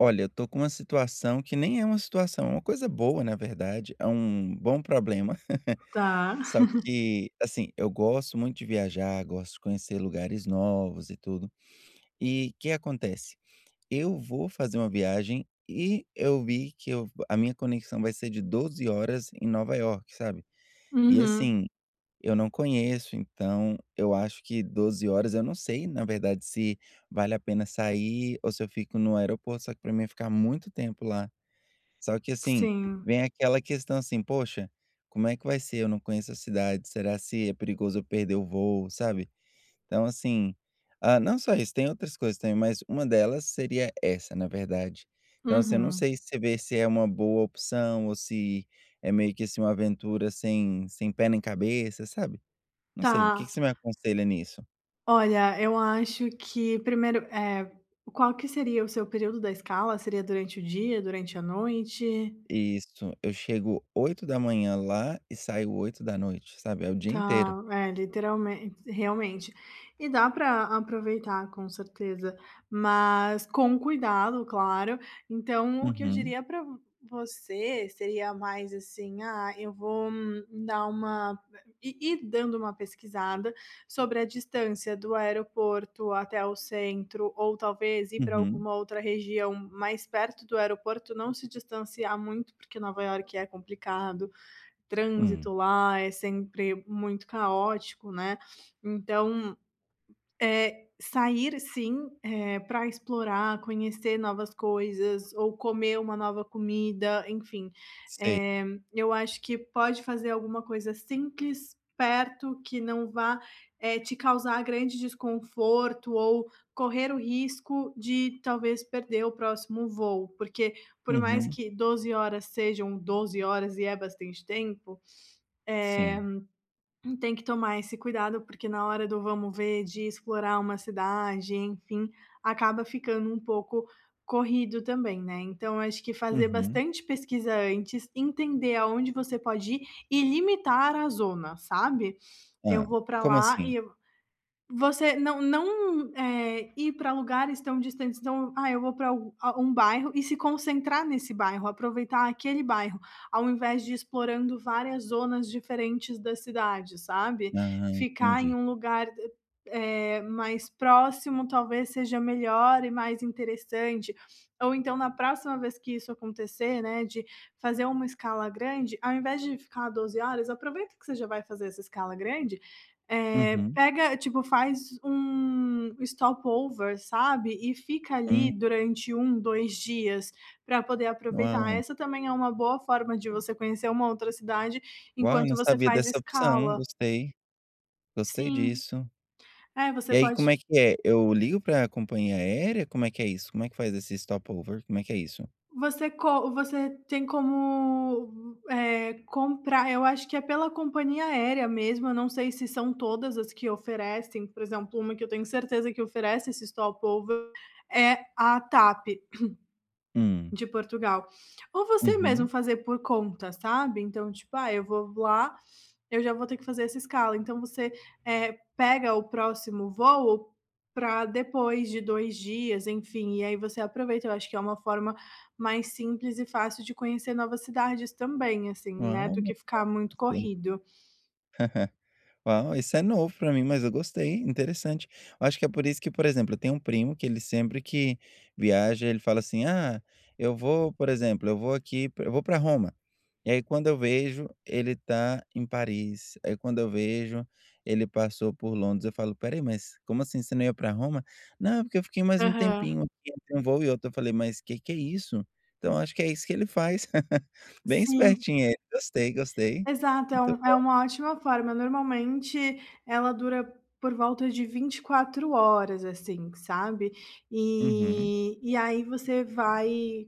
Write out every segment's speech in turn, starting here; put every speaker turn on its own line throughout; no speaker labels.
Olha, eu estou com uma situação que nem é uma situação. É uma coisa boa na verdade, é um bom problema,
Tá.
só que assim, eu gosto muito de viajar, gosto de conhecer lugares novos e tudo. E que acontece? Eu vou fazer uma viagem e eu vi que eu a minha conexão vai ser de 12h horas em Nova Iorque, sabe, e
Uhum.
assim, eu não conheço, então eu acho que 12h, horas eu não sei na verdade se vale a pena sair ou se eu fico no aeroporto. Só que para mim ia ficar muito tempo lá, só que assim,
Sim.
vem aquela questão assim: "Poxa, como é que vai ser? Eu não conheço a cidade, será se é perigoso eu perder o voo", sabe, então assim ah, não só isso, tem outras coisas também, mas uma delas seria essa, na verdade. Então, assim, eu não
Uhum.
sei se você vê se é uma boa opção ou se é meio que assim uma aventura sem sem pé nem cabeça, sabe, não sei. O
Tá
que que você me aconselha nisso?
Olha, eu acho que 1°, eh, qual que seria o seu período da escala? Seria durante o dia, durante a noite?
Isso, eu chego 8h lá e saio 20h, sabe. É o dia inteiro.
Tá, é literalmente realmente, e dá pra aproveitar com certeza, mas com cuidado, claro. Então, o que eu
Uhum.
diria pra você seria mais, assim: "Ah eu vou", hum dar uma ir ir dando uma pesquisada, sobre a distância do aeroporto até o centro ou talvez ir para
Uhum.
alguma outra região mais perto do aeroporto. Não se distanciar muito, porque Nova Iorque é complicado,
Hum.
trânsito lá é sempre muito caótico, né. Então, eh, sair assim, eh, pra explorar, conhecer novas coisas ou comer uma nova comida, enfim.
Sei
Eh, eu acho que pode fazer alguma coisa simples, perto, que não vá, eh, te causar grande desconforto ou correr o risco de talvez perder o próximo voo. Porque, por mais
Uhum.
que 12h horas sejam 12h horas e é bastante tempo, eh,
Sim.
tem que tomar esse cuidado, porque na hora do vamos ver, de explorar uma cidade, enfim, acaba ficando um pouco corrido também, né. Então, acho que fazer
Uhum.
bastante pesquisa antes, entender aonde você pode ir e limitar a zona, sabe, "Eu
Hã,
vou para
como
lá
assim?
e", você não não, eh, ir para lugares tão distantes. Então, "Ah eu vou pra a um bairro", e se concentrar nesse bairro, aproveitar aquele bairro, ao invés de ir explorando várias zonas diferentes da cidade sabe,
Aham,
ficar em
entendi.
um lugar, eh, mais próximo, talvez seja melhor e mais interessante ou então na próxima vez que isso acontecer, né, de fazer uma escala grande, ao invés de ficar 12h horas, aproveita que você já vai fazer essa escala grande, eh,
Uhum.
pega, tipo faz um stop-over, sabe, e fica ali
Hum.
durante 1, 2 dias pra poder aproveitar,
Uau.
essa também é uma boa forma de você conhecer uma outra cidade,
Uau, eu
enquanto
não
você
sabia
faz
dessa opção,
escala.
gostei, gostei
Sim.
disso.
É,
E
você
aí
pode
como é que é? Eu ligo pra companhia aérea? Como é que é isso, como é que faz esse stop-over, como é que é isso?
Você co você tem como, eh, comprar eu acho que é pela companhia aérea mesmo, eu não sei se são todas as que oferecem, por exemplo, uma que eu tenho certeza que oferece esse stop-over é a TAP,
Hum.
de Portugal. Ou você mesmo
Uhum.
fazer por conta, sabe. Então tipo: "Ah eu vou voar, eu já vou ter que fazer essa escala", então você, eh, pega o próximo voo pra depois de 2 dias, enfim. E aí você aproveita eu acho que é uma forma mais simples e fácil de conhecer novas cidades também assim, né,
Uau,
do
é,
que ficar muito
gostei.
corrido.
Uau, isso é novo pra mim, mas eu gostei. Interessante. Eu acho que é por isso que por exemplo, eu tenho um primo que ele sempre que viaja, ele fala assim: "Ah, eu vou, por exemplo, eu vou aqui eu vou para Roma", e aí quando eu vejo ele tá em Paris, aí quando eu vejo ele passou por Londres eu falo: "Espera aí, mas, como assim, você não ia para Roma? 'Não, porque eu fiquei mais um
Aham.
tempinho aqui entre um voo e outro'", aí eu falei: "Mas que que é isso?". Então eu acho que é isso que ele faz, bem
Sim.
espertinho ele, gostei, gostei,
Exato, é
muito
um é
bom.
uma ótima forma normalmente ela dura por volta de 24h horas assim, sabe,
Uhum.
e e aí você vai,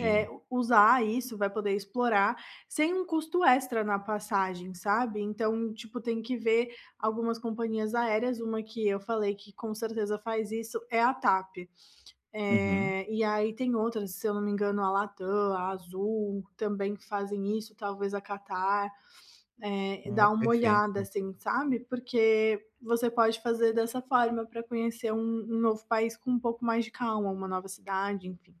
eh, usar isso, vai poder explorar sem um custo extra na passagem, sabe. Então, tipo, tem que ver algumas companhias aéreas, uma que eu falei que com certeza faz isso é a TAP,
Uhum.
eh, e aí tem outras se eu não me engano a Latam, a Azul, também fazem isso. Talvez a Qatar, eh,
Ah,
dá uma olhada
perfeito.
assim, sabe, porque você pode fazer dessa forma pra conhecer um um novo país com um pouco mais de calma, uma nova cidade, enfim.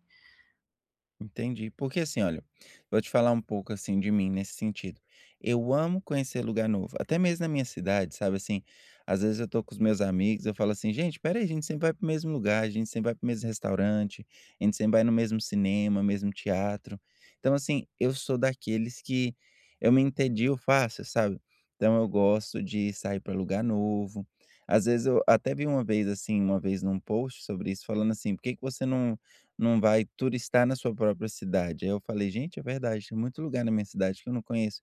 Entendi. Porque assim olha, vou te falar um pouco assim de mim, nesse sentido. Eu amo conhecer lugar novo, até mesmo na minha cidade, sabe, assim, às vezes eu estou com os meus amigos, eu falo assim: "Gente, espera aí a gente sempre vai para o mesmo lugar, a gente sempre vai para o mesmo restaurante, a gente sempre vai no mesmo cinema, mesmo teatro.". Então assim, eu sou daqueles que eu me entedio fácil, sabe. Então eu gosto de sair para lugar novo, às vezes eu até vi uma vez assim, uma vez em um post sobre isso falando assim: "Por que que você não não vai turistar na sua própria cidade?". Aí eu falei: "Gente, é verdade, tem muito lugar na minha cidade que eu não conheço.".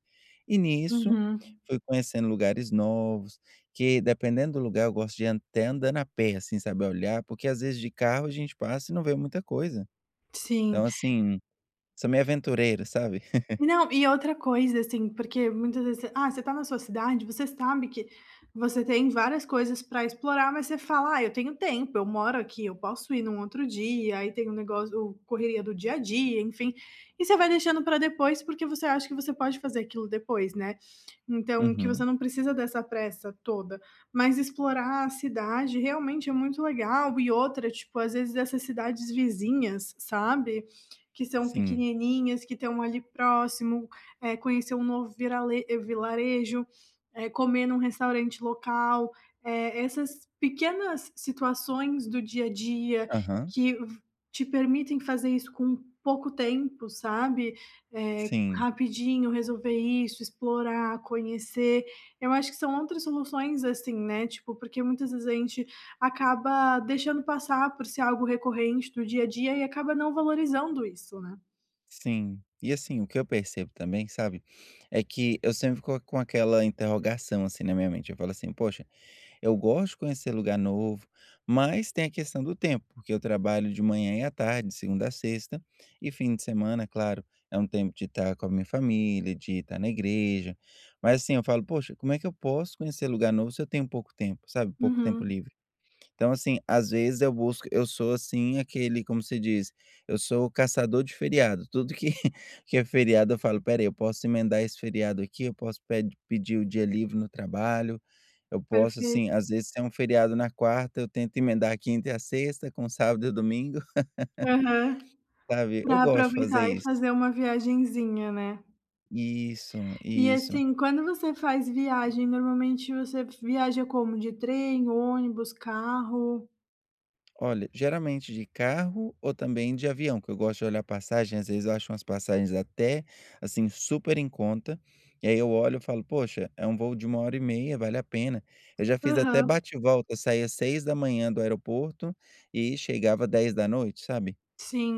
E nisso,
Uhum.
fui conhecendo lugares novos que, dependendo do lugar, eu gosto de ir até andando a pé assim, sabe, olhar, porque às vezes de carro a gente passa e não vê muita coisa.
Sim.
Então assim, sou meio aventureiro, sabe?
Não, e outra coisa assim. Porque muitas vezes você, ah, você tá na sua cidade, você sabe que você tem várias coisas pra explorar, mas você fala: "Ah, eu tenho tempo, eu moro aqui, eu posso ir num outro dia", aí tem o negócio o correria do dia a dia, enfim. E você vai deixando pra depois, porque você acha que você pode fazer aquilo depois, né. Então, que
Uhum.
você não precisa dessa pressa toda, mas explorar a cidade realmente é muito legal e outra, tipo, às vezes essas cidades vizinhas, sabe, que são
Sim.
pequenininhas, que estão ali próximo, eh, conhecer um novo virale vilarejo, eh, comer num restaurante local, eh, essas pequenas situações do dia a dia
Aham.
que v te permitem fazer isso com pouco tempo, sabe. Eh,
Sim.
rapidinho resolver isso, explorar, conhecer, eu acho que são outras soluções assim, né, tipo porque muitas vezes a gente acaba deixando passar por ser algo recorrente do dia a dia e acaba não valorizando isso, né.
Sim, e, assim, o que eu percebo também, sabe, é que eu sempre fico com aquela interrogação, assim, na minha mente, eu falo assim: "Poxa, eu gosto de conhecer lugar novo", mas tem a questão do tempo, porque eu trabalho de manhã e à tarde, de segunda à sexta, e fim de semana, é claro, é um tempo de estar com a minha família, de estar na igreja, mas, assim, eu falo: "Poxa, como é que eu posso conhecer lugar novo se eu tenho pouco tempo?", sabe, pouco tempo
Uhum.
livre. Então, assim, às vezes, eu busco eu sou, assim, aquele, como se diz? Eu sou caçador de feriado, tudo que que é feriado eu falo: "Espera aí, posso emendar esse feriado aqui, eu posso ped pedir o dia livre no trabalho, eu posso",
Perfei
assim, às vezes, tem um feriado na quarta, eu tento emendar quinta e a sexta, com sábado e domingo,
Aham,
sabe, eu
para
gosto de fazer
aproveitar e
isso.
fazer uma viagenzinha, né.
Isso,
E,
isso.
assim, quando você faz viagem normalmente você viaja como? De trem, ônibus, carro?
Olha, geralmente, de carro ou também de avião, que eu gosto de olhar passagem, às vezes, eu acho umas passagens até, assim, super em conta, e, aí, eu olho e falo: "Poxa, é um voo de 1 hora e meia, vale a pena.". Eu já fiz até
Aham.
bate e volta, saía as 6 da manhã do aeroporto, e chegava 10 da noite, sabe,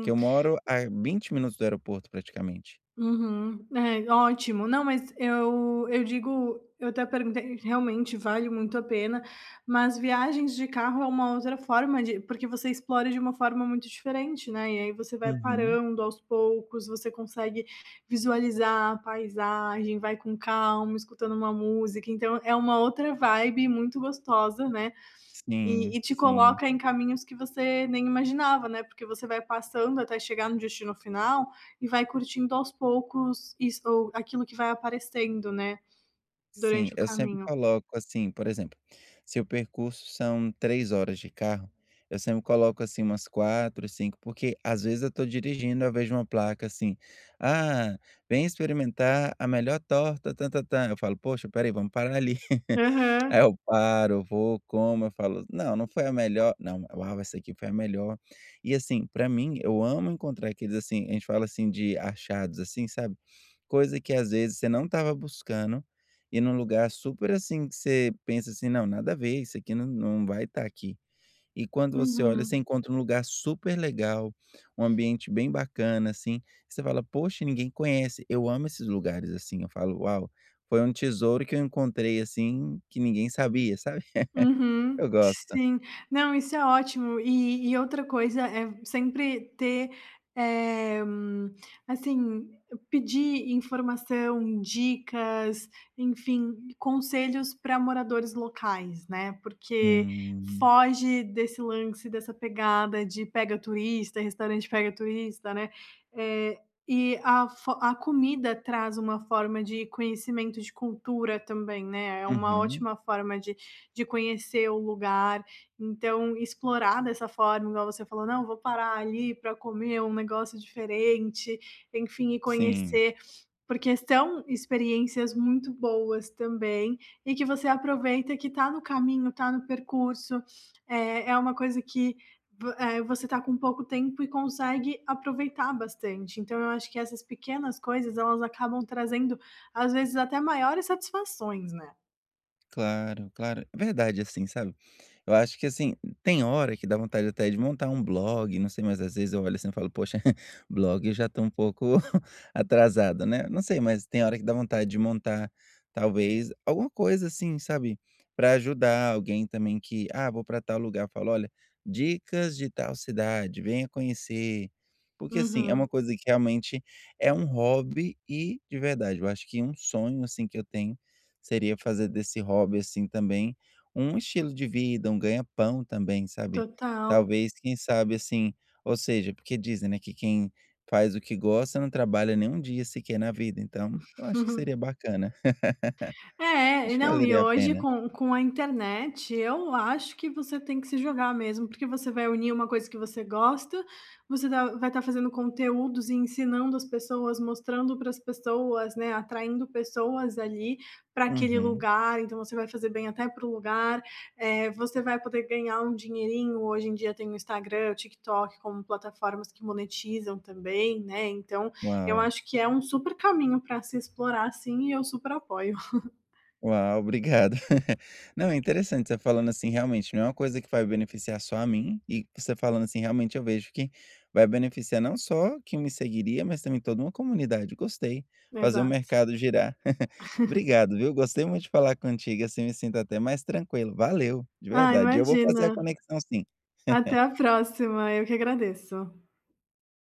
que eu moro a 20 minutos do aeroporto praticamente.
Uhum. É, ótimo, não mas eu eu digo eu até perguntei que realmente, vale muito a pena, mas viagens de carro é uma outra forma de porque você explora de uma forma muito diferente, né, e, aí, você vai
Uhum.
parando aos poucos, você consegue visualizar a paisagem, vai com calma, escutando uma música, então é uma outra vibe muito gostosa, né, e
Sim,
e te
sim.
coloca em caminhos que você nem imaginava, né, porque você vai passando até chegar no destino final e vai curtindo aos poucos isso ou aquilo que vai aparecendo, né,
Sim,
durante o
eu sempre
caminho.
coloco assim, por exemplo, se o percurso são 3 horas de carro, eu sempre coloco, assim, umas 4, 5 porque, às vezes, eu estou dirigindo ao vejo uma placa assim: "Ah, vem experimentar a melhor torta tam tam tam", eu falo: "Poxa, espera aí, vamos parar ali," aí,
Aham.
eu paro, vou, como, eu falo: "Não, não foi a melhor, não, uau, essa aqui foi a melhor.". E, assim, para mim, eu amo encontrar aqueles, assim, a gente fala, assim, de achados, assim, sabe, coisa que, às vezes, você não estava buscando e num lugar super, assim, que você pensa assim: "Não, nada a ver, isso aqui não não vai estar aqui", e quando você olha, você
Uhum.
encontra um lugar super legal, um ambiente bem bacana assim, você fala: "Poxa, ninguém conhece," eu amo esses lugares assim, falo: "Uau, foi um tesouro que eu encontrei, assim, que ninguém sabia", sabe.
Uhum,
Eu gosto.
sim, não, isso é ótimo e e outra coisa é sempre ter eh, assim, pedir informação, dicas, enfim, conselhos para moradores locais, né, porque
Hum.
foge desse lance, dessa pegada de pega turista, restaurante pega turista, né, eh, e a fo a comida traz uma forma de conhecimento de cultura também, né, é uma
Uhum.
ótima forma de de conhecer o lugar, então explorar dessa forma, igual você falou: "Não vou parar ali para comer um negócio diferente, enfim, e
Sim.
conhecer", porque são experiências muito boas também, e que você aproveita que está no caminho, está no percurso, eh, é uma coisa que você, eh, está com pouco tempo e consegue aproveitar bastante, então eu acho que essas pequenas coisas elas acabam trazendo, às vezes, até maiores satisfações, né.
Claro, claro, é verdade assim, sabe. Eu acho que assim, tem hora que dá vontade até de montar um blog, não sei, mas às vezes eu olho assim eu falo: "Poxa, blog, eu já estou um pouco atrasado, né", não sei, mas tem hora que dá vontade de montar talvez alguma coisa assim, sabe. Pra ajudar alguém também que, "Ah vou para tal lugar", falo: "Olha, dicas de tal cidade, venha conhecer.". Porque assim, é
Uhum.
uma coisa que realmente é um hobby e de verdade, eu acho que um sonho assim que eu tenho, seria fazer desse hobby assim também, um estilo de vida, um ganha-pão também, sabe.
Total.
Talvez, quem sabe assim, ou seja, porque dizem, né, que quem faz o que gosta não trabalha nem um dia sequer na vida. Então, eu acho que acho que seria bacana. Eu
É e
acho que
não e
valeria a
hoje
pena.
com com a internet eu acho que você tem que se jogar mesmo. Porque você vai unir uma coisa que você gosta, você tá vai tá fazendo conteúdos e ensinando as pessoas, mostrando pra as pessoas, né, atraindo pessoas ali pra aquele
Uhum.
lugar. Então você vai fazer bem até para o lugar, eh, você vai poder ganhar um dinheirinho, hoje em dia tem o Instagram, Tik Tok como plataformas que monetizam também, né, então eu
Uau.
acho que é um super caminho para se explorar sim e eu super apoio.
Uau, obrigado. Não, é interessante você falando assim realmente, não é uma coisa que vai beneficiar só a mim e você falando assim realmente eu vejo que vai beneficiar não só quem me seguiria, mas também toda uma comunidade, gostei, fazer o
Exato.
mercado girar. Obrigado viu, gostei muito de falar contigo assim, me sinto até mais tranquilo, valeu, de
Ah,
verdade. E eu vou fazer a
imagina.
conexão sim.
Até a próxima, eu que agradeço.